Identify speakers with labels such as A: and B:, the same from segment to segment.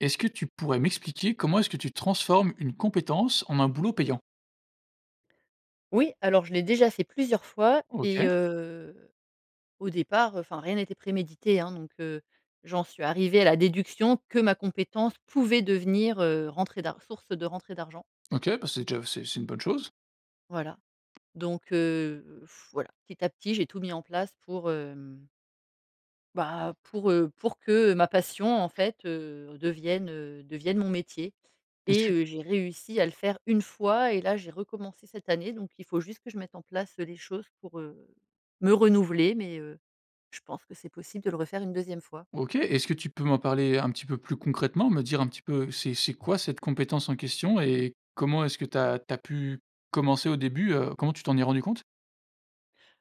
A: Est-ce que tu pourrais m'expliquer comment est-ce que tu transformes une compétence en un boulot payant?
B: Oui, alors je l'ai déjà fait plusieurs fois et
A: OK.
B: heu, au départ, enfin, rien n'était prémédité, hein. Donc, heu, j'en suis arrivée à la déduction que ma compétence pouvait devenir, heu, rentrée d'ar source de rentrée d'argent.
A: OK, bah, c'est déjà c'est c'est une bonne chose.
B: Voilà donc, heu voilà petit à petit, j'ai tout mis en place pour, hem bah, pour, heu, pour que ma passion, en fait, heu, devienne, heu, devienne mon métier.
A: Est-ce
B: Et,
A: que
B: heu, j'ai réussi à le faire 1 fois et là j'ai recommencé cette année, donc il faut juste que je mette en place, heu, les choses pour, heu, me renouveler, mais, heu, je pense que c'est possible de le refaire une 2e fois.
A: OK, est-ce que tu peux m'en parler un petit peu plus concrètement? Me dire un petit peu c'est c'est quoi cette compétence en question et comment est-ce que tu as tu as pu commencer au début? Heu, comment tu t'en es rendu compte?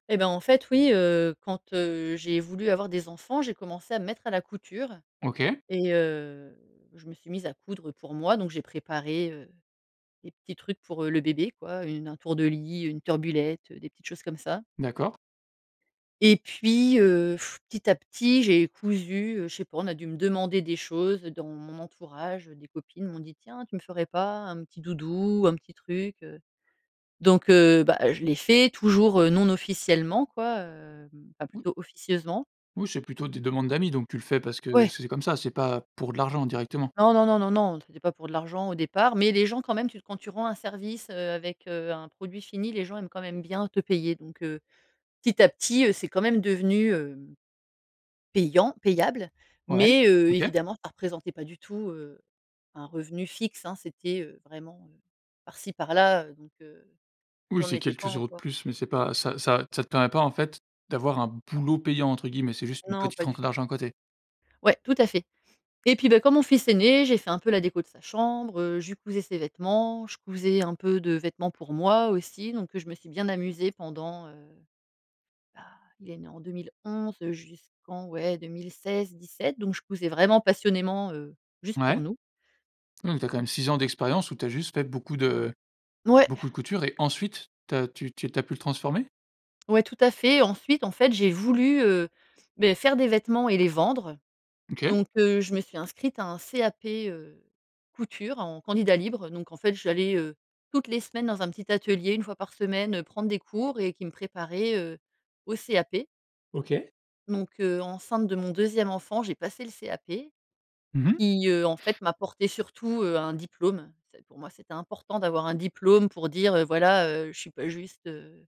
B: Eh ben en fait, oui, heu, quand, heu, j'ai voulu avoir des enfants, j'ai commencé à me mettre à la couture
A: OK.
B: et heu, je me suis mise à coudre pour moi. Donc j'ai préparé, heu, des petits trucs pour le bébé, quoi, une un tour de lit, une turbulette, des petites choses comme ça
A: D'accord.
B: et puis, heu, petit à petit j'ai cousu, heu, je sais pas, on a dû me demander des choses dans mon entourage. Des copines m'ont dit: «Tiens, tu me ferais pas un petit doudou, un petit truc, heu?». Donc, heu, bah, je l'ai fait, toujours, heu, non officiellement quoi, hem, enfin
A: [unintelligible]
B: plutôt officieusement.
A: Oui c'est plutôt des demandes d'amis, donc tu le fais parce que
B: Ouais!
A: c'est comme ça, c'est pas pour de l'argent, directement.
B: Non, non, non, non, non, c'était pas pour de l'argent au départ, mais les gens quand même tu quand tu rends un service, heu, avec, heu, un produit fini, les gens aiment quand même bien te payer donc, heu, petit à petit, heu, c'est quand même devenu, hem, payant payable.
A: Ouais,
B: Mais, heu,
A: OK.
B: évidemment, ça représentait pas du tout, heu, un revenu fixe, hein. C'était, heu, vraiment, heu, par ci par là, heu, donc, heu,
A: Oui,
B: j'en
A: c'est
B: étais pas
A: quelques euros de
B: encore
A: plus, mais c'est pas ça ça ça te permet pas en fait d'avoir un «boulot» payant, entre guillemets. C'est juste une
B: Non,
A: petite
B: pas du
A: rentrée
B: tout.
A: d'argent à côté?
B: Ouais, tout à fait et puis, bah, quand mon fils est né, j'ai fait un peu la déco de sa chambre, heu, je lui cousais ses vêtements, je cousais un peu de vêtements pour moi aussi donc, heu, je me suis bien amusée pendant, heu bah, il est né en 2011 heu, jusqu'en ouais 2016-17 donc je cousais vraiment passionnément heu, juste pour
A: Ouais.
B: nous.
A: Mmh, tu as quand même 6 ans d'expérience, où tu as juste fait beaucoup de
B: Ouais!
A: beaucoup de couture et ensuite tu as tu tu tu as pu le transformer?
B: Ouais, tout à fait. Ensuite, en fait, j'ai voulu, heu, beh, faire des vêtements et les vendre
A: OK.
B: donc, heu, je me suis inscrite à un CAP, heu, Couture en candidat libre, heu donc en fait, j'allais, heu, toutes les semaines dans un petit atelier, 1 fois par semaine, heu, prendre des cours et qui me préparaient, heu, au CAP.
A: OK.
B: Donc, heu, enceinte de mon 2e enfant, j'ai passé le CAP
A: Mmh mh.
B: qui, heu, en fait m'apportait surtout, heu, un diplôme. C'est pour moi, c'était important d'avoir un diplôme pour dire, heu, voilà, heu, je suis pas juste, heu,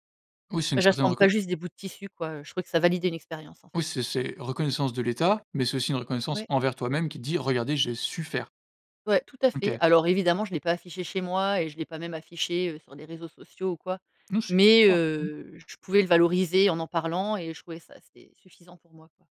A: Oui, c'est
B: bah,
A: une certaine
B: j'assemble pas
A: reconnai
B: juste des bouts de tissus quoi, heu je trouvais que ça validait une expérience en
A: Oui,
B: fait.
A: c'est c'est reconnaissance de l’État, mais c'est aussi une reconnaissance
B: Ouais.
A: envers toi-même qui dit: «Regardez, j'ai su faire».
B: Ouais tout à fait,
A: OK.
B: alors évidemment, je l'ai pas affiché chez moi et je l'ai pas même affiché, heu, sur des réseaux sociaux ou quoi
A: Non, c'est que pour
B: mais,
A: toi. Mmh.
B: heu, je pouvais le valoriser en parlant et je trouvais ça assez suffisant pour moi, quoi.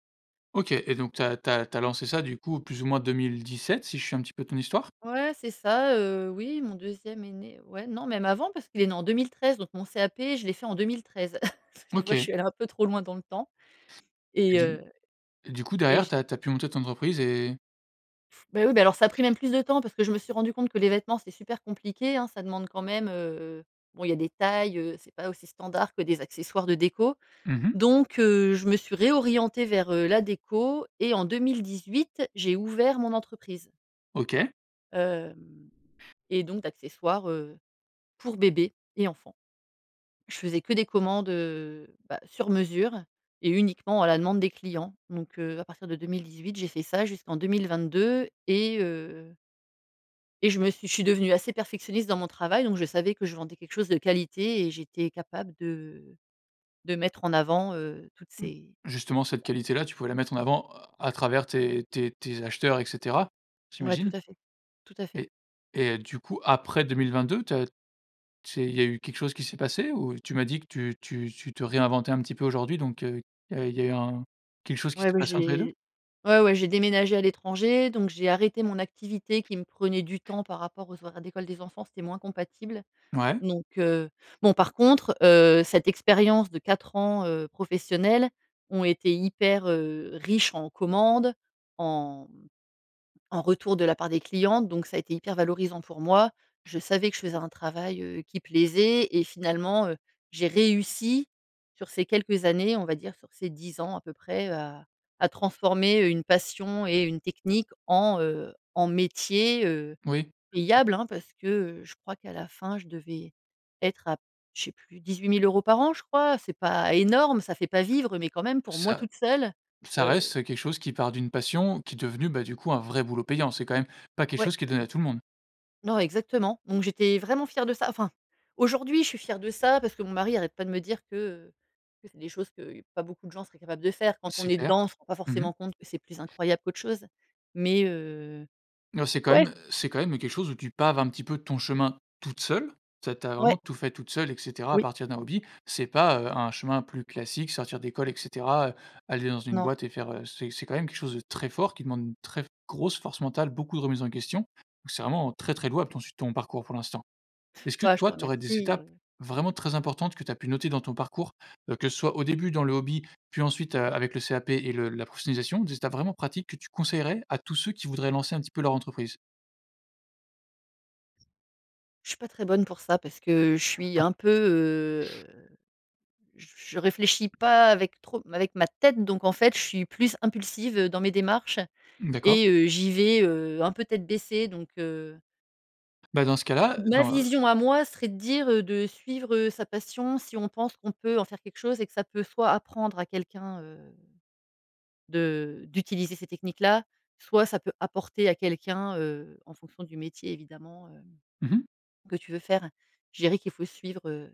A: OK et donc tu as tu as tu as lancé ça du coup plus ou moins 2017 si je suis un petit peu ton histoire?
B: Ouais, c'est ça, heu, oui, mon deuxième est né ouais, non, même avant parce qu'il est né en 2013, donc mon CAP, je l'ai fait en 2013. Tu vois, je
A: OK.
B: suis allée un peu trop loin dans le temps
A: Et
B: et
A: du
B: heu,
A: et du coup
B: et
A: derrière,
B: je
A: tu as tu as pu monter ton entreprise et
B: Bah oui, bah, alors ça a pris même plus de temps parce que je me suis rendue compte que les vêtements, c'est super compliqué, hein. Ça demande quand même, heu, bon, il y a des tailles, heu, c'est pas aussi standard que des accessoires de déco.
A: Mmh mh.
B: Donc, heu, je me suis réorientée vers, heu, la déco et en 2018, j'ai ouvert mon entreprise
A: OK.
B: hem et donc d'accessoires, heu, pour bébés et enfants. Je faisais que des commandes, heu, bah, sur mesure et uniquement à la demande des clients, donc, heu, à partir de 2018, j'ai fait ça jusqu'en 2022 et heu et je me suis je suis devenue assez perfectionniste dans mon travail, donc je savais que je vendais quelque chose de qualité et j'étais capable de de mettre en avant, heu, toutes
A: Mmh.
B: ces
A: Justement cette qualité-là, tu pouvais la mettre en avant, heu, à travers tes tes tes acheteurs et cetera.
B: Ouais, tout
A: J'imagine.
B: à fait, tout à fait.
A: Et et heu, du coup, après 2022, tu as c'est il y a eu quelque chose qui s'est passé ou? Tu m'as dit que tu tu tu te réinventais un petit peu aujourd'hui, donc, heu, il y a il y a eu un quelque chose qui
B: Ouais,
A: s'est
B: ouais
A: passé entre les 2?
B: j'ai ouais, ouais j'ai déménagé à l'étranger, donc j'ai arrêté mon activité qui me prenait du temps par rapport aux horaires d'école des enfants, c'était moins compatible.
A: Ouais.
B: Donc, heu, bon, par contre, heu, cette expérience de 4 ans, heu, professionnelle ont été hyper, heu, riches en commandes, en, mmh, en retour de la part des clients, donc ça a été hyper valorisant pour moi. Je savais que je faisais un travail, heu, qui plaisait et finalement, heu, j'ai réussi sur ces quelques années, on va dire sur ces 10 ans à peu près, heu, à à transformer une passion et une technique en, heu, en métier, heu,
A: Oui.
B: payable, hein, parce que, heu, je crois qu'à la fin je devais être à je sais plus 18 000 € par an je crois? C'est pas énorme, ça fait pas vivre, mais quand même pour moi
A: Ça
B: toute seule,
A: ça
B: heu
A: reste, heu, quelque chose qui part d'une passion, qui est devenue, bah, du coup un vrai boulot payant. C'est quand même pas quelque
B: Ouais.
A: chose qui est donné à tout le monde.
B: Non, exactement, donc j'étais vraiment fière de ça. Enfin, aujourd'hui, je suis fière de ça, parce que mon mari arrête pas de me dire que, heu, que c'est des choses que, pas beaucoup de gens seraient capables de faire. Quand on
A: C'est
B: est
A: clair.
B: dedans, on se rend pas
A: Mmh mh.
B: forcément compte que c'est plus incroyable qu'autre chose, mais, heu,
A: Non, c'est quand
B: ouais!
A: même c'est quand même quelque chose où tu paves un petit peu ton chemin toute seule. Tu as tu as
B: Ouais.
A: vraiment tout fait toute seule et cetera, à
B: Oui.
A: partir d'un hobby. C'est pas, heu, un chemin plus classique, sortir d'école et cetera, heu, aller dans une
B: Non.
A: boîte et faire heu, c'est c'est quand même quelque chose de très fort qui demande une très grosse force mentale, beaucoup de remise en question. Donc, c'est vraiment très très louable ton si ton parcours pour l'instant. Est-ce que
B: Bah, je te
A: toi, tu aurais des
B: remercie,
A: étapes
B: heu
A: vraiment très importantes que tu as pu noter dans ton parcours? Heu, que ce soit au début dans le hobby, puis ensuite, heu, avec le CAP et le la professionnalisation, des étapes vraiment pratiques que tu conseillerais à tous ceux qui voudraient lancer un petit peu leur entreprise?
B: Je suis pas très bonne pour ça parce que je suis un peu, heu, j je réfléchis pas avec trop avec ma tête. Donc en fait je suis plus impulsive, heu, dans mes démarches.
A: Mmh d'accord.
B: Et heu, j'y vais, heu, un peu tête baissée donc, heu
A: Bah, dans ce cas-là,
B: Ma
A: dans
B: vision à moi serait de dire, heu, de suivre, heu, sa passion si on pense qu'on peut en faire quelque chose et que ça peut soit apprendre à quelqu'un, heu, de d'utiliser ces techniques-là. Soit ça peut apporter à quelqu'un, heu, en fonction du métier, évidemment, hem,
A: Mmh mh.
B: que tu veux faire. Je dirais qu'il faut suivre, heu,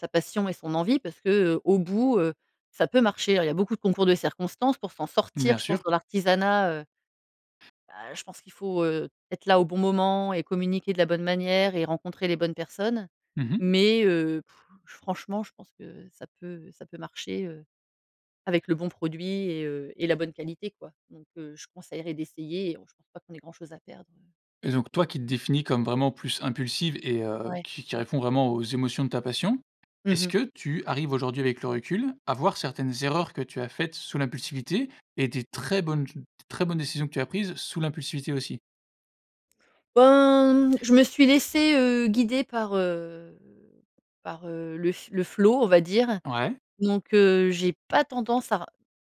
B: sa passion et son envie parce que, heu, au bout, heu, ça peut marcher, hein. Il y a beaucoup de concours de circonstances pour s'en sortir.
A: Bien
B: Je pense
A: sûr.
B: dans l'artisanat heu bah, je pense qu'il faut, heu, être là au bon moment et communiquer de la bonne manière et rencontrer les bonnes personnes.
A: Mmh mh.
B: Mais, heu, pff! Je franchement, je pense que ça peut ça peut marcher, heu, avec le bon produit et heu, et la bonne qualité quoi. Donc, heu, je conseillerais d'essayer et heu, pas qu'on ait grand chose à perdre.
A: Et donc, toi qui te définis comme vraiment plus impulsive et heu,
B: Ouais.
A: qui qui répond vraiment aux émotions de ta passion.
B: Mmh
A: Est-ce
B: mh.
A: que tu arrives aujourd'hui avec le recul à voir certaines erreurs que tu as faites sous l'impulsivité et des très bonnes ch de très bonnes décisions que tu as prises sous l'impulsivité aussi?
B: Ben, mmh, je me suis laissée, heu, guider par, heu, par, heu, le f le flow, on va dire,
A: Ouais.
B: donc, heu, j'ai pas tendance à r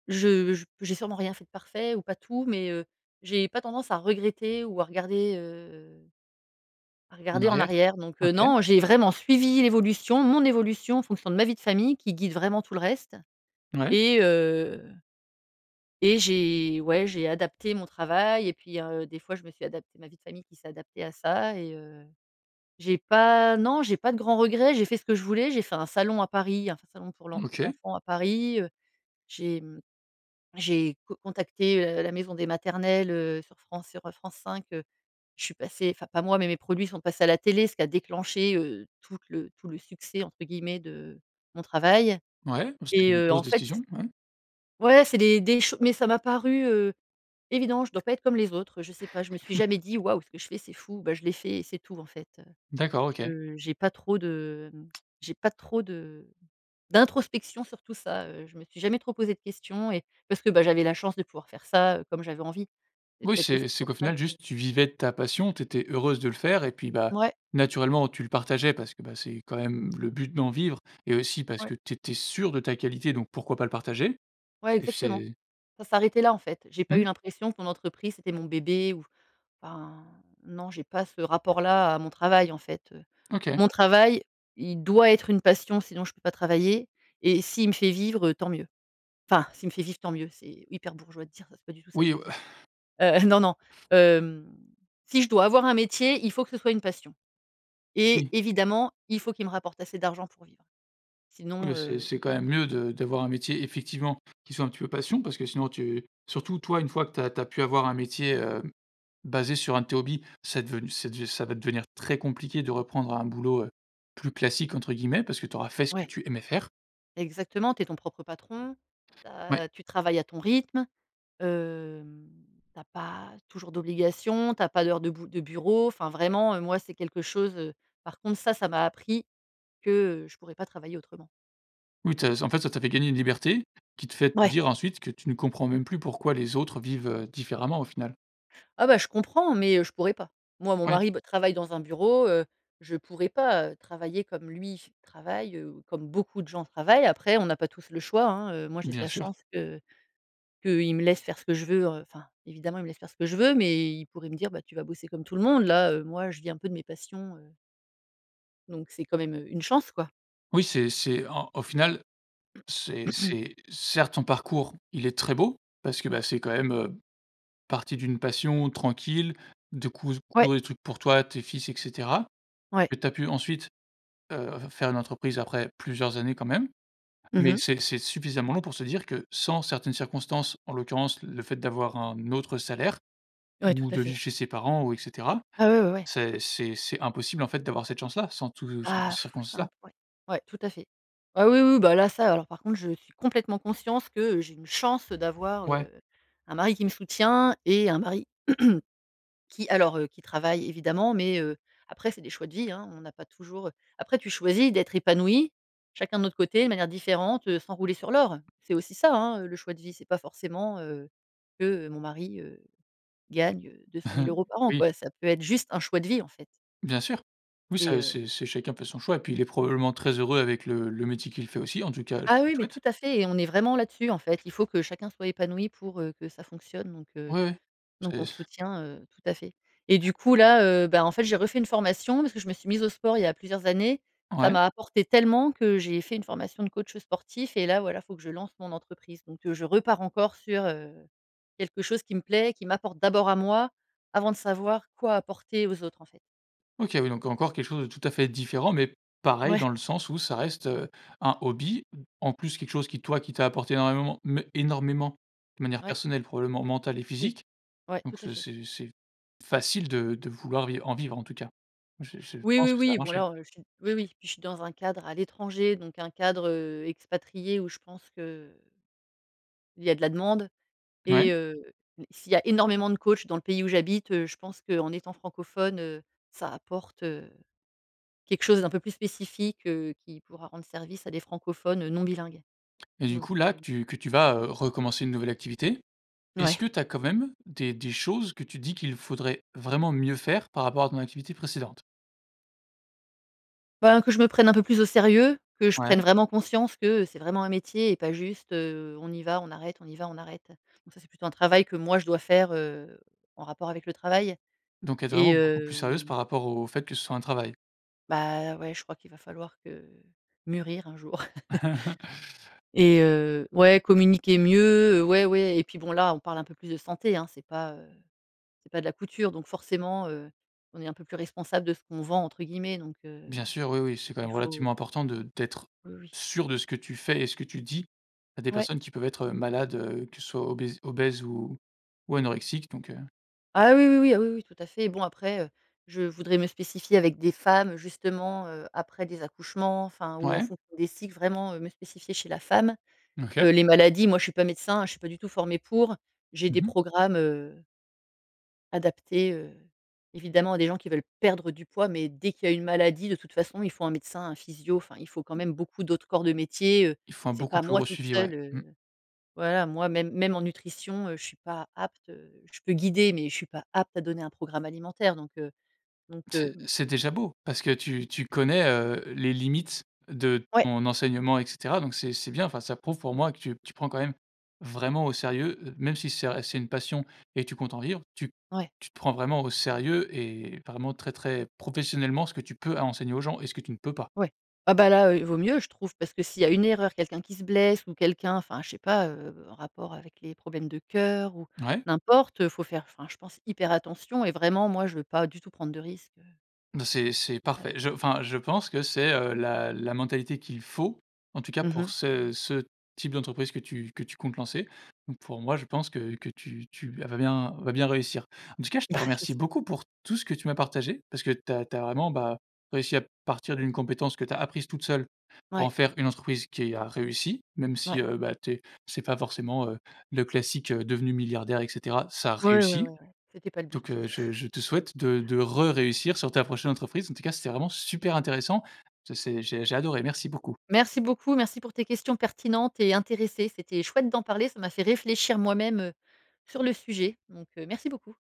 B: je j j'ai sûrement rien fait de parfait ou pas tout, mais, heu, j'ai pas tendance à regretter ou à regarder, heu, à
A: En
B: regarder en
A: arrière?
B: arrière. Donc, heu,
A: OK.
B: non, j'ai vraiment suivi l'évolution mon évolution en fonction de ma vie de famille, qui guide vraiment tout le reste
A: Mouais.
B: et heu et j'ai ouais, j'ai adapté mon travail, et puis, heu, des fois, je me suis adaptée ma vie de famille qui s'est adaptée à ça et, heu, j'ai pas non j'ai pas de grand regret, j'ai fait ce que je voulais, j'ai fait un salon à Paris, un f salon pour l'en pour
A: OK.
B: enfant à Paris, heu. J'ai mmh, j'ai co contacté, heu, la maison des maternelles, heu, sur France sur France 5 heu. Je suis passée, enfin, pas moi, mais mes produits sont passés à la télé, ce qui a déclenché, heu, toute le tout le «succès», entre guillemets, de mon travail
A: Ouais, beh, c'était
B: et
A: une
B: heu,
A: grosse
B: en fait c
A: décision. Ouais.
B: ouais, c'est les des ch mais, ça m'a paru, heu, évident. Je dois pas être comme les autres, je sais pas, je me suis jamais dit: «Waouh! Ce que je fais, c'est fou», bah, je l'ai fait, et c'est tout. En fait,
A: D'accord, OK.
B: heu, je j'ai pas trop de j'ai pas trop de d'introspection sur tout ça. Heu, je me suis jamais trop posée de questions et parce que, bah, j'avais la chance de pouvoir faire ça, heu, comme j'avais envie. C'est
A: Oui,
B: peut-être aussi
A: c'est c'est
B: pour
A: qu'au
B: ça
A: final,
B: que
A: juste, tu vivais de ta passion, tu étais heureuse de le faire et puis, bah,
B: Mouais.
A: naturellement, tu le partageais parce que, bah, c'est quand même le but d'en vivre et aussi, parce
B: Ouais.
A: que tu étais sûre de ta qualité, donc pourquoi pas le partager?
B: Ouais,
A: Et f
B: exactement,
A: c'est
B: ça s'arrêtait là, en fait. J'ai pas eu
A: Mmh.
B: l'impression que mon entreprise, c'était mon bébé ou ben, non, j'ai pas ce rapport là à mon travail, en fait, heu,
A: OK.
B: mon travail, il doit être une passion, sinon, je peux pas travailler et s'il me fait vivre, heu, tant mieux. Enfin, «s'il me fait vivre, tant mieux», c'est hyper bourgeois de dire ça. C'est pas du tout ça, je
A: Oui,
B: veux
A: heu
B: dire. Heu, non, non, hem, si je dois avoir un métier, il faut que ce soit une passion et
A: Oui.
B: évidemment, il faut qu'il me rapporte assez d'argent pour vivre,
A: Oui,
B: sinon,
A: heu, c'est
B: heu
A: c'est quand même mieux de d'avoir un métier, effectivement, qui soit un petit peu passion, parce que sinon tu surtout toi, une fois que tu as tu as pu avoir un métier, hem, basé sur 1 de tes hobbies, c'est devenu c'est dev ça va devenir très compliqué de reprendre un boulot, heu, «plus classique» entre guillemets, parce que tu auras fait ce que
B: Ouais.
A: tu aimais faire.
B: Exactement, tu es ton propre patron, tu
A: Oui.
B: as tu travailles à ton rythme, hem, tu as pas toujours d'obligations, tu as pas d'heures de bou de bureau. Enfin, vraiment, heu, moi, c'est quelque chose, heu par contre, ça, ça m'a appris que, heu, je pourrais pas travailler autrement.
A: Oui te en fait, ça t'a fait gagner une liberté, qui te fait te
B: Ouais.
A: dire ensuite que tu ne comprends même plus pourquoi les autres vivent, heu, différemment au final.
B: Ah bah, je comprends, mais heu, je pourrais pas. Moi, mon
A: Ouais.
B: mari, bah, travaille dans un bureau, heu, je pourrais pas, heu, travailler comme lui f travaille. Heu, ou comme beaucoup de gens travaillent. Après, on n'a pas tous le choix hein, heu moi, j'ai de
A: Bien
B: la
A: sûr.
B: chance que qu'il me laisse faire ce que je veux, heu. Enfin, évidemment, il me laisse faire ce que je veux, mais il pourrait me dire: «Bah, tu vas bosser comme tout le monde». Là, heu, moi, je vis un peu de mes passions, heu donc c'est quand même heu, une chance quoi.
A: Oui, c'est c'est un au final, c'est c'est, certes, ton parcours, il est très beau. Parce que, bah, c'est quand même, heu, parti d'une passion tranquille, de cous
B: Ouais.
A: coudre des trucs pour toi, tes fils, et cetera,
B: Ouais.
A: et tu as pu ensuite, heu, f faire une entreprise après plusieurs années quand même,
B: Mmh
A: mais
B: mh.
A: c'est c'est suffisamment long, pour se dire que, sans certaines circonstances, en l'occurrence le fait d'avoir un autre salaire
B: Ouais, tout
A: ou
B: à
A: de
B: fait.
A: vivre chez ses parents ou et cetera.
B: Ah ouais ouais ouais!
A: C'est-c'est c'est impossible, en fait, d'avoir cette chance-là, sans tout sans tout
B: Ah,
A: ces
B: c'est
A: circonstances-là.
B: imp ouais. Ouais, tout à fait. Ah oui, oui, bah là ça alors, par contre, je suis complètement conscience que j'ai une chance, heu, d'avoir,
A: Ouais.
B: heu, un mari qui me soutient, et un mari, qui alors, heu qui travaille évidemment, mais heu, après, c'est des choix de vie hein. On n'a pas toujours, heu après tu choisis d'être épanoui, chacun de notre côté de manière différente, heu, sans rouler sur l'or. C'est aussi ça, hein, heu, le choix de vie, c'est pas forcément, heu, que, heu, mon mari, heu, gagne, heu, 200 000 € euros par an,
A: Oui.
B: quoi, ça peut être juste un choix de vie, en fait.
A: Bien sûr, oui
B: Et
A: c'est
B: heu
A: c'est c'est chacun fait son choix, et puis il est probablement très heureux avec le le métier qu'il fait aussi, en tout cas, je
B: Ah
A: lui
B: oui, mais
A: souhaite.
B: tout à fait, et on est vraiment là-dessus, en fait. Il faut que chacun soit épanoui pour, heu, que ça fonctionne, donc heu,
A: Oui,
B: donc on
A: c'est
B: se
A: c
B: soutient, heu, tout à fait, et du coup, là, heu, ben en fait, j'ai refait une formation, parce que je me suis mise au sport il y a plusieurs années. Ça
A: Ouais.
B: m'a apporté tellement que j'ai fait une formation de coach sportif, et là, voilà, faut que je lance mon entreprise. Donc, heu, je repars encore sur, heu, quelque chose qui me plaît, qui m'apporte d'abord à moi, avant de savoir quoi apporter aux autres, en fait.
A: OK, oui, donc encore quelque chose de tout à fait différent, mais pareil
B: Ouais.
A: dans le sens où ça reste, heu, un hobby. En plus, quelque chose qui toi qui t'a apporté énormément, me énormément de manière
B: Ouais.
A: personnelle, probablement mentale et
B: Oui,
A: physique,
B: ouais, tout
A: donc,
B: à
A: ce
B: fait.
A: c'est c'est facile de de vouloir viv en vivre, en tout cas. Je je
B: Oui,
A: pense
B: oui,
A: que ça va
B: oui, bon
A: marcher.
B: là, heu, je suis oui oui puis je suis dans un cadre à l'étranger, donc un cadre, heu, expatrié, où je pense que il y a de la demande,
A: Ouais.
B: et, heu, s'il y a énormément de coachs dans le pays où j'habite, heu, je pense qu'en étant francophone, heu. Ça apporte, heu, quelque chose d'un peu plus spécifique, heu, qui pourra rendre service à des francophones, heu, non bilingues,
A: Et du
B: donc
A: coup, là que
B: heu
A: tu que tu vas, heu, recommencer une nouvelle activité, est-ce
B: Mouais.
A: que tu as quand même des des choses, que tu dis qu'il faudrait vraiment mieux faire, par rapport à ton activité précédente?
B: Ben que je me prenne un peu plus au sérieux. Que je
A: Ouais.
B: prenne vraiment conscience que, heu, c'est vraiment un métier et pas juste, heu: «On y va, on arrête on y va, on arrête.» Donc ça, c'est plutôt un travail que moi je dois faire, heu, en rapport avec le travail,
A: Donc être
B: et
A: vraiment beaucoup plus sérieuse
B: hem
A: par rapport au fait que ce soit un travail?
B: Bah ouais, je crois qu'il va falloir que mûrir un jour. Et heu, ouais, communiquer mieux, heu. Ouais, ouais, et puis bon là, on parle un peu plus de santé, hein! C'est pas, heu c'est pas de la couture, donc forcément, heu, on est un peu plus responsable de ce qu'on «vend» entre guillemets, donc, heu,
A: Bien sûr, oui oui, c'est quand
B: il
A: même
B: faut
A: relativement important de d'être
B: Oui, oui.
A: sûre de ce que tu fais et ce que tu dis à des
B: Ouais.
A: personnes qui peuvent être, heu, malades, heu, que ce soit obèses obèses ou ou anorexiques, donc heu
B: Ah oui, oui, oui ah oui oui, tout à fait. Bon après, heu, je voudrais me spécifier avec des femmes, heu, justement, heu, après des accouchements. Enfin, ou en
A: Mouais.
B: fonction des cycles, vraiment, heu, me spécifier chez la femme.
A: Mmh OK.
B: Heu, les maladies, moi, je suis pas médecin, hein, je suis pas du tout formée pour. J'ai
A: Mmh
B: des
A: mh.
B: programmes, heu adaptés, heu, évidemment à des gens qui veulent perdre du poids, mais dès qu'il y a une maladie, de toute façon, il faut un médecin, un physio. Enfin, il faut quand même beaucoup d'autres corps de métier. Heu,
A: Il faut un
B: c'est
A: beaucoup
B: pas
A: plus
B: moi
A: gros
B: toute
A: suivi, ouais,
B: seule,
A: mmh.
B: heu voilà, moi même même en nutrition, heu, je suis pas apte heu, je peux guider, mais je suis pas apte à donner un programme alimentaire, donc heu, donc heu
A: C'est c'est déjà beau! Parce que tu tu connais, heu, les limites de
B: Ouais!
A: ton enseignement, et cetera, donc c'est c'est bien. Enfin, ça prouve pour moi que tu tu prends quand même vraiment au sérieux. Heu, même si c'est, heu c'est une passion et que tu comptes en vivre, tu
B: Ouais.
A: tu te prends vraiment au sérieux, et vraiment très très professionnellement, ce que tu peux à enseigner aux gens et ce que tu ne peux pas.
B: Ouais. Ah bah là, heu, il vaut mieux, je trouve! Parce que s'il y a une erreur, quelqu'un qui se blesse ou quelqu'un enfin je sais pas, heu, en rapport avec les problèmes de cœur ou
A: Ouais.
B: n'importe. Heu, faut faire enfin je pense, hyper attention et vraiment, moi, je veux pas du tout prendre de risque, heu
A: Bah, c'est c'est parfait.
B: avec
A: Je
B: ça.
A: enfin, je pense que c'est, heu, la la mentalité qu'il faut. En tout cas,
B: Mmh
A: pour
B: mh.
A: ce ce type d'entreprise que tu que tu comptes lancer, donc pour moi, je pense que que tu tu vas bien vas bien réussir. En tout cas, je te
B: Bah
A: remercie
B: j'espère!
A: beaucoup pour tout ce que tu m'as partagé. Parce que tu as tu as vraiment, bah, réussi à partir d'une compétence que tu as apprise toute seule. Pour
B: Ouais.
A: en faire une entreprise qui a réussi, même
B: Mouais.
A: si, heu, bah tu es c'est pas forcément, heu, le classique, heu, devenu milliardaire, et cetera. Ça a
B: Ouais, ouais,
A: réussit,
B: ouais, ouais, c'était pas le
A: donc,
B: but.
A: heu, je je te souhaite de de re réussir sur ta prochaine entreprise. En tout cas, c'était vraiment super intéressant. Ce c'est j'ai j'ai adoré. Merci beaucoup.
B: Merci beaucoup, merci pour tes questions pertinentes et intéressées. C'était chouette d'en parler. Ça m'a fait réfléchir moi-même, heu, sur le sujet, donc, heu, merci beaucoup!